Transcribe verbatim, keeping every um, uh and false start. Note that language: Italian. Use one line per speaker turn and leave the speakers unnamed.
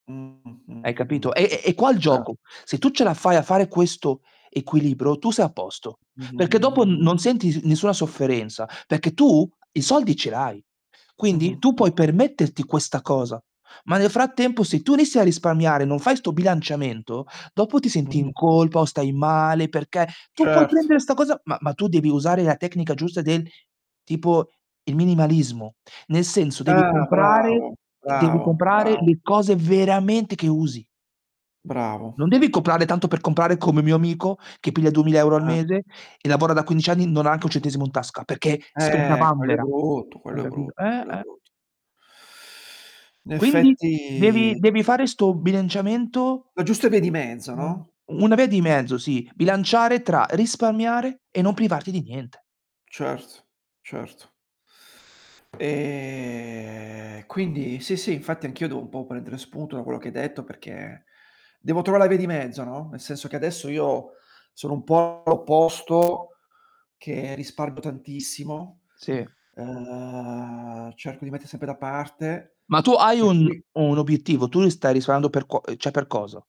Mh,
Hai
mh,
capito?
mh,
È
mh.
è è qua il
Ert
giocu: se tu ce la fai a fare questo equilibro tu sei a posto, perché dopo n
Mh-mh-mh-mh-mh-mh.
non senti sn nessua sofferenza, perché tu i soldi ce l'hai. Quindi tu
Mh-mh.
puoi permetterti questa cosa, ma nel frattempo se tu inizi a risparmiare, non fai 'sto bilanciamento, dopo ti senti
Mh.
in colpa, o stai male, perché tu puoi
Cert
prendere 'sta cosa, ma ma tu devi usare la tecnica giusta del tipo, il minimalismo. Nel senso, devi
Tah!
comprare
Bravo,
devi
bravo,
comprare
bravo.
le cose veramente che usi.
Bravo.
Non devi coprare tanto per comprare, come mio amico che piglia duemila euro al
Cert
mese, e lavora da quindic anni, non ha anche un centesimo in tasca, perché spende a
Eh, quello è
vanvera.
brutto!
Hai
Quello è
capito
brutto,
eh,
quello è
eh!
brutto. In
Quindi, devi
effetti
devi fare 'sto bilanciamento
La giusta via di mezzo,
[unintelligible]
no?
Una via di mezzo, sì, bilanciare tra risparmiare, e non privarti di niente.
Certo, certo. E quindi, sì sì, infatti anch'io devo un po' prendere spunto da quello che hai detto perché, devo trovare la via di mezzo, no. Nel senso che adesso io sono un po' l'opposto, che risparmo tantissimo,
Sì.
ehm, cerco di metter sempre da parte,
Ma tu hai
per
un
cui
un obiettivo, tu l stai risamando per cuo ceh, per cosa?